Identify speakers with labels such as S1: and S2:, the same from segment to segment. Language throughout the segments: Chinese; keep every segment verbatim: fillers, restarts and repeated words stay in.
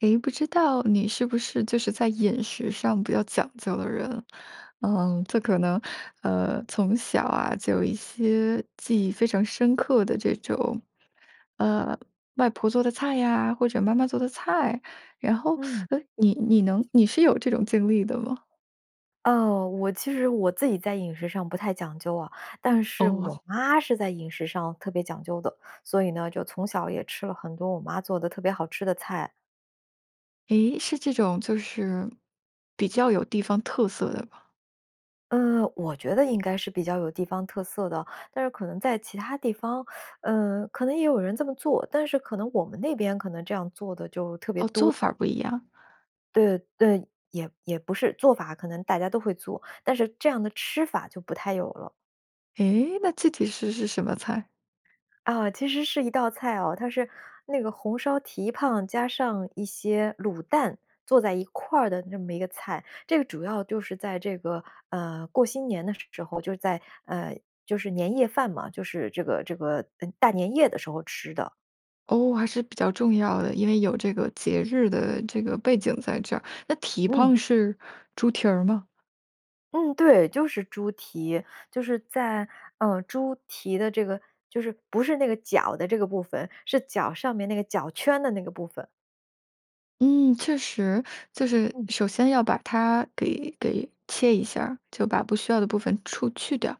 S1: 诶，不知道你是不是就是在饮食上比较讲究的人？嗯，这可能呃，从小啊，就有一些记忆非常深刻的这种，呃，外婆做的菜啊，或者妈妈做的菜，然后
S2: 嗯。
S1: 呃，你你能你是有这种经历的吗？
S2: 哦，我其实我自己在饮食上不太讲究啊，但是我
S1: 哦。
S2: 妈是在饮食上特别讲究的。所以呢，就从小也吃了很多我妈做的特别好吃的菜。
S1: 诶？是这种，就是比较有地方特色的吧？
S2: 呃，我觉得应该是比较有地方特色的，但是可能在其他地方，呃，可能也有人这么做，但是可能我们那边可能这样做的就特别
S1: 哦，
S2: 多。
S1: 做法儿不一样。
S2: 对，对，也也不是，做法可能大家都会做，但是这样的吃法就不太有了。
S1: 诶？那具体是是什么菜？
S2: 啊，其实是一道菜哦，它是那个红烧蹄髈加上一些卤蛋，做在一块儿的那么一个菜。这个主要就是在这个，呃，过新年的时候，就是在呃，就是年夜饭嘛，就是这个这个呃，大年夜的时候吃的。
S1: 哦，还是比较重要的。因为有这个节日的这个背景在这儿，那蹄
S2: 嗯。
S1: 膀是猪蹄儿吗？
S2: 嗯，对。就是猪蹄，就是在呃，猪蹄的这个就是不是那个脚的这个部分，是脚上面那个脚圈的那个部分。
S1: 嗯，确实。就是
S2: 嗯。
S1: 首先要把它给给切一下儿，就把不需要的部分出去掉，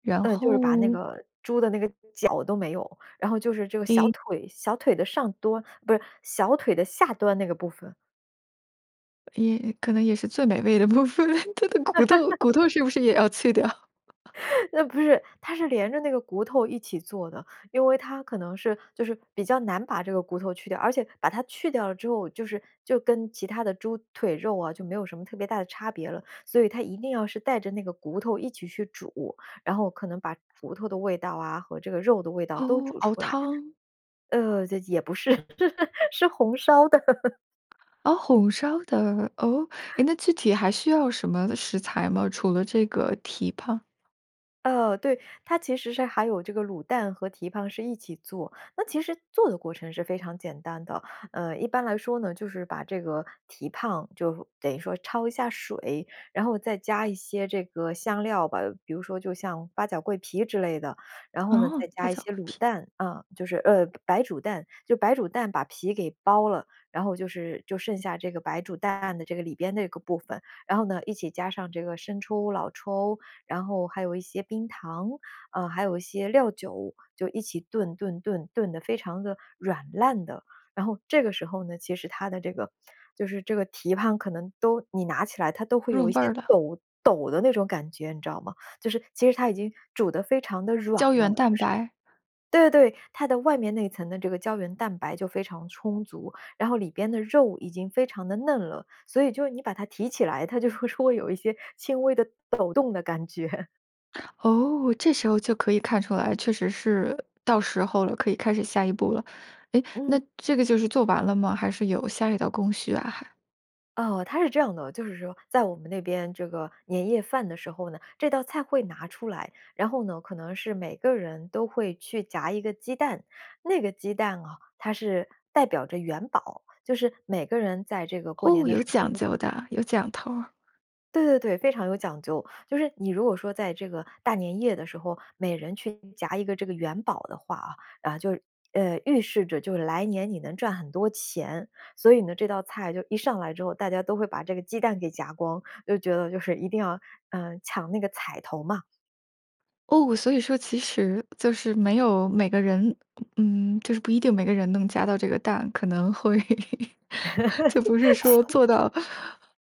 S1: 然
S2: 嗯，
S1: 后
S2: 就是把那个猪的那个脚都没有，然后就是这个小
S1: 诶。
S2: 腿小腿的上端不是，小腿的下端那个部分。
S1: 也可能也是最美味的部分，它的骨头 骨头是不是也要去掉？
S2: 那不是，它是连着那个骨头一起做的。因为它可能是就是比较难把这个骨头去掉，而且把它去掉了之后，就是就跟其它的猪腿肉啊就没有什么特别大的差别了。所以它一定要是带着那个骨头一起去煮，然后可能把骨头的味道啊，和这个肉的味道都
S1: 哦，
S2: 煮
S1: 熬
S2: 出来
S1: 汤。
S2: 呃，也也不是，是红烧的。
S1: 哦，红烧的，哦？诶，那具体还需要什么食材吗？除了这个蹄膀。
S2: 呃，对。它其实是还有这个卤蛋和蹄膀是一起做，那其实做的过程是非常简单的。呃，一般来说呢，就是把这个蹄膀就等于说焯一下水，然后再加一些这个香料吧，比如说就像八角、桂皮之类的。然后呢，再
S1: 哦，八
S2: 加一
S1: 角、
S2: 些
S1: 桂
S2: 卤
S1: 皮。
S2: 蛋，啊，就是呃，白煮蛋，就白煮蛋把皮给剥了，然后就是就剩下这个白煮蛋的这个里边的部分，然后呢，一起加上这个生抽、老抽，然后还有一些冰糖，啊，还有一些料酒，就一起炖炖炖，炖得非常地软烂的。然后这个时候呢，其实它的这个就是这个蹄膀可能都你拿起来它都会
S1: 入
S2: 有一
S1: 味
S2: 些
S1: 儿的。
S2: 抖抖的那种感觉，你知道吗？就是其实它已经煮得非常地软
S1: 胶
S2: 了
S1: 原
S2: 就
S1: 蛋
S2: 是
S1: 白。
S2: 对对，它的外面那层的这个胶原蛋白就非常充足，然后里边的肉已经非常地嫩了，所以就你把它提起来，它就会说会有一些轻微的抖动的感觉。
S1: 哦，这时候就可以看出来，确实是到时候了，可以开始下一步了。诶，
S2: 嗯。
S1: 那这个就是做完了吗？还是有下一道工序啊还？
S2: 哦，它是这样的，就是说，在我们那边这个年夜饭的时候呢，这道菜会拿出来，然后呢，可能是每个人都会去夹一个鸡蛋。那个鸡蛋哦，它是代表着元宝，就是每个人在这个过年
S1: 哦，
S2: 的时
S1: 有
S2: 候，
S1: 讲
S2: 如果
S1: 究的，有讲头儿。
S2: 对对对，非常有讲究。就是你如果说在这个大年夜的时候，每人去夹一个这个元宝的话啊，然后就呃，预示着就来年你能赚很多钱。所以呢，这道菜就一上来之后，大家都会把这个鸡蛋给夹光，都觉得就是一定要，呃，抢那个彩头嘛。
S1: 哦，所以说其实就是没有每个人嗯，就是不一定每个人能夹到这个蛋，可能会 就不是说 做到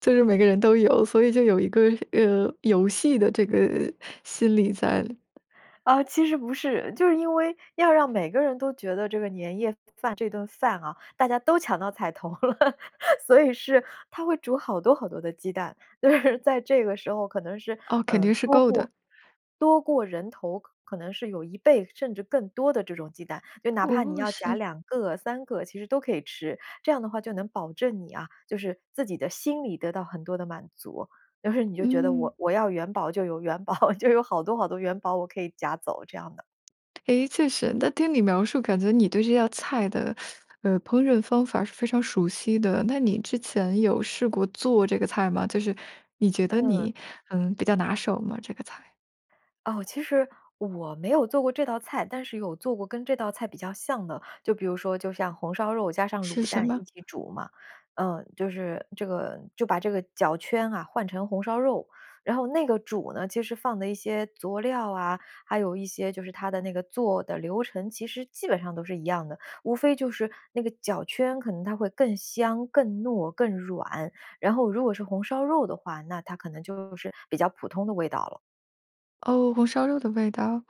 S1: 就是每个人都有，所以就有一个，呃，游戏的这个心理在。
S2: 呃，其实不是，就是因为要让每个人都觉得这个年夜饭这顿饭啊，大家都抢到彩头了，所以是他会煮好多好多的鸡蛋。就是在这个时候可能是，
S1: 哦，肯
S2: 呃，
S1: 定是
S2: 多
S1: 够的。
S2: 过多过人头，可可能是有一倍甚至更多的这种鸡蛋，就哪怕你
S1: 哦，
S2: 要夹
S1: 是。
S2: 两个、三个，其实都可以吃。这样的话，就能保证你啊，就是自己的心里得到很多的满足，就是你就觉得
S1: 嗯。
S2: 我我要元宝就有元宝，就有好多好多元宝我可以夹走这样的。
S1: 哎，确实，那听你描述，感觉你对这道菜的，呃，烹饪方法儿是非常熟悉的。那你之前有试过做这个菜吗？就是你觉得
S2: 嗯。
S1: 你，嗯，比较拿手吗，这个菜？
S2: 哦，其实我没有做过这道菜，但是有做过跟这道菜比较像的。就比如说，就像红烧肉加上
S1: 是
S2: 卤
S1: 什
S2: 蛋一
S1: 么？
S2: 起煮嘛。呃，就是这个就把这个脚圈啊，换成红烧肉，然后那个煮呢，其实放的一些佐料啊，还有一些就是它的那个做的流程，其实基本上都是一样的。无非就是那个脚圈可能它会更香、更糯、更软，然后如果是红烧肉的话，那它可能就是比较普通的味道了。
S1: 哦，红烧肉的味道。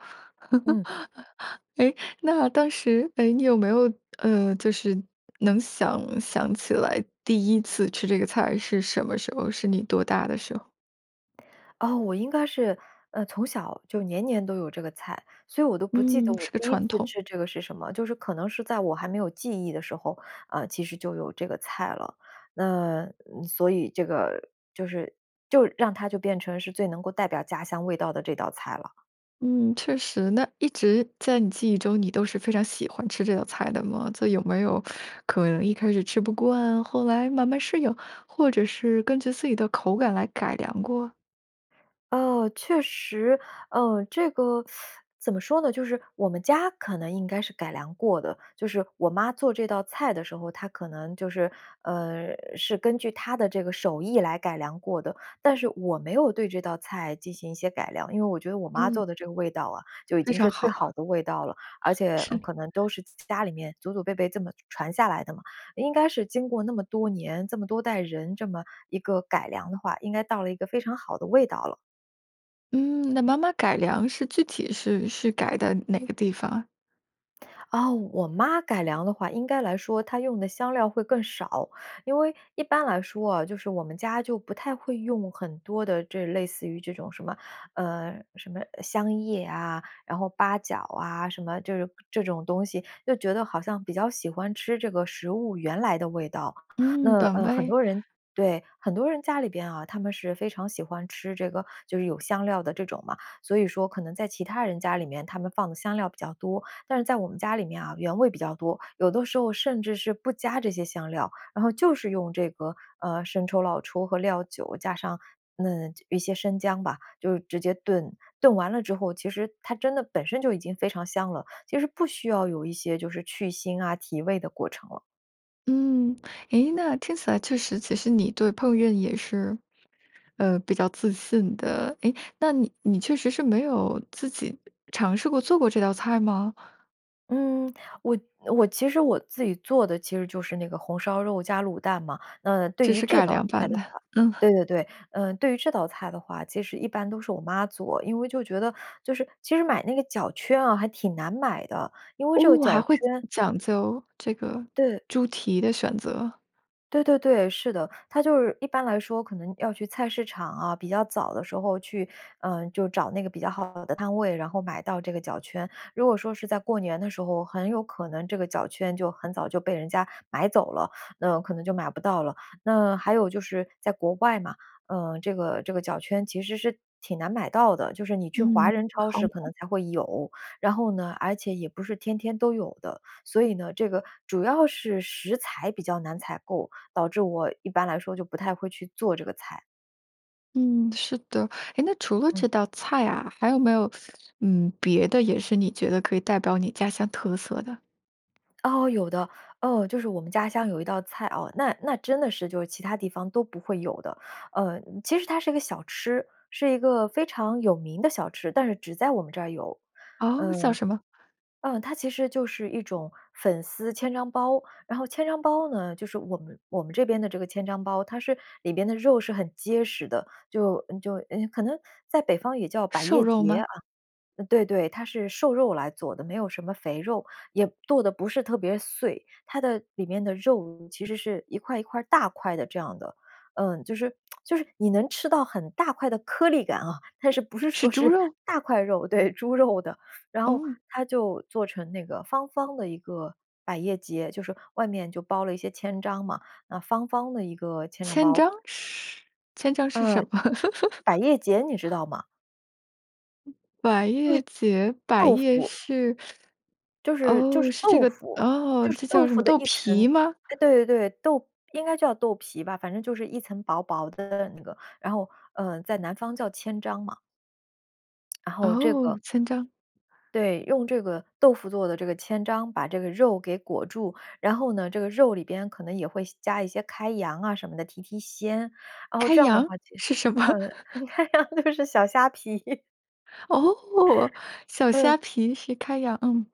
S2: 嗯。
S1: 诶，那当时，诶，你有没有，呃，就是能想想起来第一次吃这个菜是什么时候？是你多大的时候？
S2: 啊，我应该是，呃，从小，就年年都有这个菜，所以我都不记得
S1: 嗯，
S2: 我
S1: 是个
S2: 第一次
S1: 传统。
S2: 吃这个是什么。就是可能是在我还没有记忆的时候，呃，其实就有这个菜了。呃，所以这个就是就让它就变成是最能够代表家乡味道的这道菜了。
S1: 嗯，确实。那一直在你记忆中，你都是非常喜欢吃这道菜的吗？就有没有 可能一开始吃不惯，后来慢慢适应，或者是根据自己的口感来改良过？
S2: 哦，确实。呃，这个 怎么说呢？就是我们家可能应该是改良过的，就是我妈做这道菜的时候，她可能就是，呃，是根据她的这个手艺来改良过的。但是我没有对这道菜进行一些改良，因为我觉得我妈
S1: 嗯。
S2: 做的这个味道啊，就已
S1: 非
S2: 经
S1: 常
S2: 是最好
S1: 好。
S2: 的味道了。而且，呃，
S1: 是。
S2: 可能都是家里面祖祖辈辈这么传下来的嘛，应该是经过那么多年，这么多代人这么一个改良的话，应该到了一个非常好的味道了。
S1: 嗯，那妈妈改良是具体是是改在哪个地方？
S2: 哦，我妈改良的话，应该来说她用的香料会更少。因为一般来说哦，就是我们家就不太会用很多的这类似于这种什么，呃，什么香叶啊，然后八角啊，什么这种这种东西，就觉得好像比较喜欢吃这个食物原来的味道。
S1: 嗯，
S2: 那，
S1: 短
S2: 呃，很
S1: 味。
S2: 多人对，很多人家里边啊，他们是非常喜欢吃这个就是有香料的这种嘛，所以说可能在其他人家里面，他们放的香料比较多。但是在我们家里面啊，原味比较多，有的时候甚至是不加这些香料，然后就是用这个，呃，生抽、老抽和料酒加上，嗯，一些生姜吧，就直接炖。炖完了之后，其实它真的本身就已经非常香了，其实不需要有一些就是去腥啊、提味的过程了。
S1: 嗯，诶，那听起来确实其实你对烹饪也是，呃，比较自信的，诶，那你你确实是没有自己尝试过做过这道菜吗？
S2: 嗯，我我其实我自己做的其实就是那个红烧肉加卤蛋嘛。那对
S1: 这
S2: 于
S1: 是
S2: 这
S1: 改
S2: 道
S1: 良
S2: 菜
S1: 版
S2: 的
S1: 的，
S2: 话
S1: 嗯。
S2: 对对对，呃，对于这道菜的话，其实一般都是我妈做。因为就觉得就是其实买那个脚圈啊，还挺难买的，因为这个
S1: 哦，
S2: 脚
S1: 还会
S2: 圈
S1: 讲究这个
S2: 对。
S1: 猪蹄的选择。
S2: 对对对，是的。它就是一般来说可能要去菜市场啊，比较早的时候去，呃，就找那个比较好的摊位，然后买到这个脚圈。如果说是在过年的时候，很有可能这个脚圈就很早就被人家买走了，那可能就买不到了。那还有，就是在国外嘛，呃，这个这个脚圈其实是挺难买到的。就是你去华
S1: 嗯，
S2: 人超
S1: 好。
S2: 市可能才会有，然后呢，而且也不是天天都有的。所以呢，这个主要是食材比较难采购，导致我一般来说就不太会去做这个菜。
S1: 嗯，是的，诶，那除了这
S2: 嗯。
S1: 道菜啊，还有没有，嗯，别的也是你觉得可以代表你家乡特色的？
S2: 哦，有的。哦，就是我们家乡有一道菜哦，那那真的是就是其它地方都不会有的。呃，其实它是一个小吃，是一个非常有名的小吃，但是只在我们这儿有。
S1: 哦？叫
S2: 呃
S1: 什么？
S2: 嗯，它其实就是一种粉丝千张包。然后千张包呢，就是我们我们这边的这个千张包，它是里边的肉是很结实的，就就，呃，可能在北方也叫百
S1: 瘦
S2: 叶
S1: 肉
S2: 节
S1: 吗？
S2: 啊。对对，它是瘦肉来做的，没有什么肥肉，也剁得不是特别碎，它的里面的肉其实是一块一块大块的这样的。呃，就是 就是你能吃到很大块的颗粒感啊，但是不是
S1: 是
S2: 说
S1: 猪
S2: 是
S1: 肉？
S2: 大块肉，对，猪肉的。然后
S1: 哦。
S2: 它就做成那个方方的一个，百叶节，就是外面就包了一些千张嘛，那方方的一个千张
S1: 千
S2: 包。
S1: 张是千张是什
S2: 嗯，
S1: 么？
S2: 百 叶节你知道吗？
S1: 百
S2: 就
S1: 叶
S2: 是
S1: 节？百
S2: 豆
S1: 叶
S2: 腐。
S1: 是，
S2: 就是就
S1: 哦，
S2: 是
S1: 是这
S2: 豆
S1: 个
S2: 腐，
S1: 哦，
S2: 就是
S1: 这
S2: 豆
S1: 叫什
S2: 腐
S1: 么
S2: 的
S1: 豆
S2: 一
S1: 皮
S2: 层。
S1: 吗？
S2: 哎，对对对，豆应该叫豆皮吧，反正就是一层薄薄的那个，然后，呃，在南方叫千张嘛。然后这个
S1: 哦，千张。
S2: 对，用这个豆腐做的这个千张，把这个肉给裹住。然后呢，这个肉里边可能也会些加一些开洋啊什么的，提提鲜，然后
S1: 开
S2: 这样的
S1: 洋，
S2: 话，其
S1: 是什么？
S2: 嗯，开洋就是小虾皮。
S1: 哦，小虾
S2: 嗯。
S1: 皮是开洋，嗯。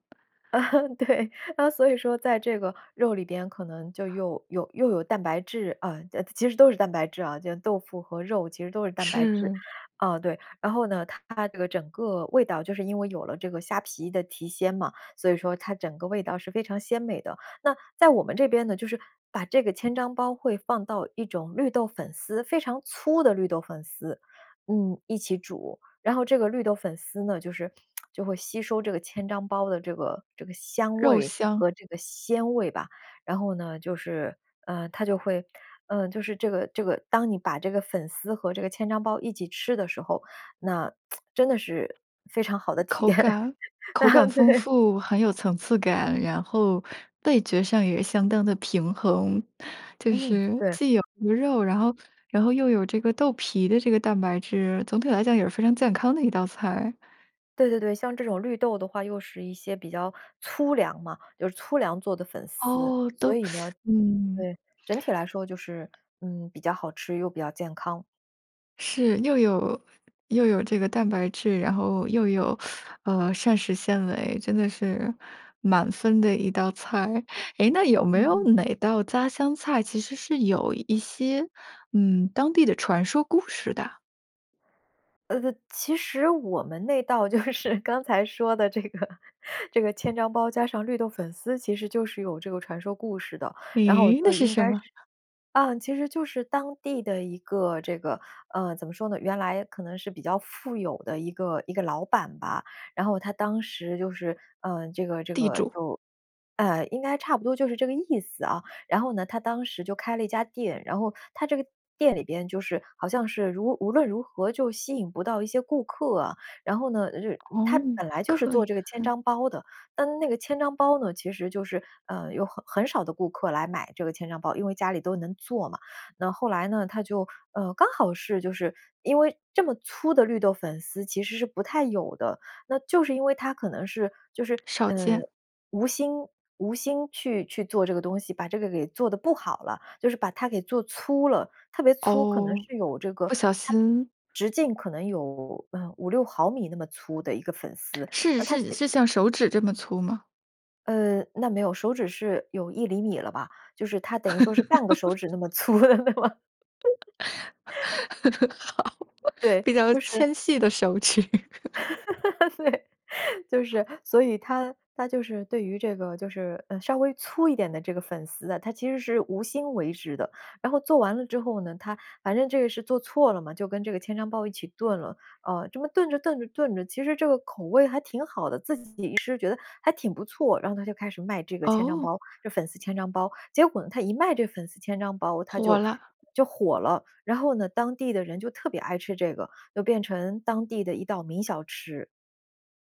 S2: 对，啊，所以说在这个肉里边可能就又有又有蛋白质，啊其其实都是蛋白质啊，就豆腐和肉其实都是蛋白质。
S1: 是。
S2: 啊，对，然后呢，它这个整个味道就是因为有了这个虾皮的提鲜嘛，所以说它整个味道是非常鲜美的。那在我们这边呢，就是把这个千张包会放到一种绿豆粉丝非常粗的绿豆粉丝，嗯，一起煮。然后这个绿豆粉丝呢，就是 就会吸收这个千张包的这个这个香
S1: 肉
S2: 味
S1: 香。
S2: 和这个鲜味吧。然后呢，就是，呃，它就会呃，就是这个这个当你把这个粉丝和这个千张包一起吃的时候，那 真的是非常好的体
S1: 口
S2: 验。啊，
S1: 感口感丰
S2: 对。
S1: 富，很有层次感，然后味觉上也相当地平衡。就
S2: 嗯，
S1: 是
S2: 对。
S1: 既有鱼肉，然后然后又有这个豆皮的这个蛋白质，总体来讲，也是非常健康的一道菜。
S2: 对对对，像这种绿豆的话，又是一些比较粗粮嘛。就是粗粮做的粉丝，
S1: 哦，
S2: 所
S1: 都
S2: 以呢
S1: 嗯。
S2: 对，整体来说，就是，嗯，比较好吃又比较健康。
S1: 是，又有又有这个蛋白质，然后又有，呃，膳食纤维，真的是满分的一道菜。诶，那有没有
S2: 嗯。
S1: 哪道家乡菜，其实是有一些，嗯，当地的传说故事的？
S2: 呃呃，其实我们那道就是刚才说的这个这个千张包，加上绿豆粉丝，其实就是有这个传说故事的。然后我
S1: 诶，那
S2: 就
S1: 是
S2: 应
S1: 什
S2: 该是
S1: 么？
S2: 嗯，其实就是当地的一个这个呃，怎么说呢？原来可能是比较富有的一个一个老板吧，然后他当时就是，呃，这个这
S1: 地
S2: 个
S1: 主。
S2: 就呃，应该差不多就是这个意思啊，然后呢，他当时就开了一家店。然后他这个店里边就是好像是如无论如何就吸引不到一些顾客啊。然后呢，就是他
S1: 哦，没
S2: 本来就是
S1: 客
S2: 做这个千
S1: 源。
S2: 张包的，但那个千张包呢，其实就是，呃，有很很少的顾客来买这个千张包，因为家里都能做嘛。那后来呢，他就呃，刚好是就是因为这么粗的绿豆粉丝其实是不太有的，那就是因为他可能是就是，
S1: 少
S2: 呃，
S1: 见。
S2: 无心无心去去做这个东西，把这个给做得不好了，就是把它给做粗了，特别粗，可能
S1: 哦，
S2: 是有这个
S1: 不小
S2: 它的
S1: 心。
S2: 直径可能有，呃，五六毫米那么粗的一个粉丝，
S1: 是
S2: 那他借
S1: 是是像手指这么粗吗？
S2: 呃，那没有，手指是有一厘米了吧，就是他等于说是半个手指 那么粗的嘛。
S1: 好，
S2: 对，
S1: 比较
S2: 就是
S1: 纤细的手指。
S2: 对。就是所以他他就是对于这个就是，呃，稍微粗一点的这个粉丝啊，他其实是无心为之的，然后做完了之后呢，他反正这个是做错了嘛，就跟这个千张包一起炖了，啊，这么炖着炖着炖着，其实这个口味还挺好的，自己一吃觉得还挺不错，然后他就开始卖这个千张
S1: 哦。
S2: 包这粉丝千张包。结果呢，他一卖这个粉丝千张包，他
S1: 火
S2: 就
S1: 啦。
S2: 就火了。然后呢，当地的人就特别爱吃这个，又变成当地的一道名小吃。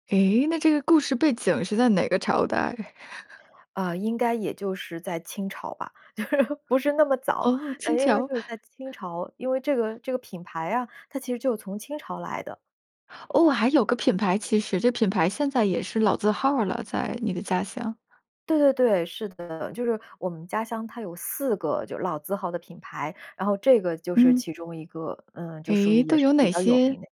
S1: 诶，那这个故事背景是在哪个朝代？
S2: 呃，应该也就是在清朝吧，就是不是那么早，
S1: 哦，清
S2: 应该
S1: 桥。
S2: 就是在清朝，因为这个这个品牌啊，它其实就是从清朝来的。
S1: 哦，还有个品牌，其实这品牌现在也是老字号儿了，在你的家乡。
S2: 对对对，是的，就是我们家乡它有四个就老字号的品牌，然后这个就是
S1: 嗯。
S2: 其中一个，呃，就属于
S1: 诶，
S2: 也
S1: 都
S2: 是
S1: 有
S2: 比
S1: 哪
S2: 较有
S1: 些？
S2: 名的。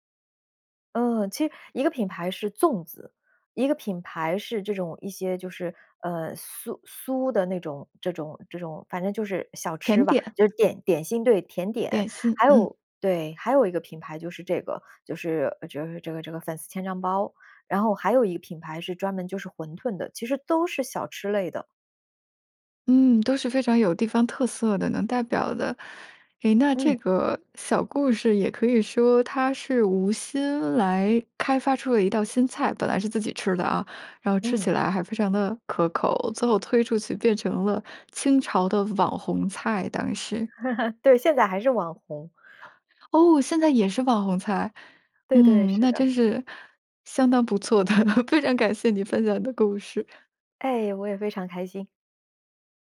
S2: 嗯，其实一个品牌是粽子，一个品牌是这种一些就是，呃，酥酥的那种这种这种，反正就是小吃
S1: 甜
S2: 吧，
S1: 点。
S2: 就是点点心，对，甜点。
S1: 点心，
S2: 还
S1: 嗯。
S2: 有对，还有一个品牌就是这个，就是就是这个这个粉丝千张包。然后还有一个品牌是专门就是馄炖的，其实都是小吃类的。
S1: 嗯，都是非常有地方特色的，能代表的。诶，那
S2: 嗯。
S1: 这个小故事也可以说它是无心来开发出了一道新菜，本来是自己吃的啊，然后吃
S2: 嗯。
S1: 起来还非常地可口，最后推出去变成了清朝的网红菜，当时。
S2: 对，现在还是网红。
S1: 哦，现在也是网红菜。
S2: 对对，
S1: 嗯，
S2: 是
S1: 那
S2: 的。
S1: 真是相当不错的，非常感谢你分享的故事。
S2: 哎，我也非常开心。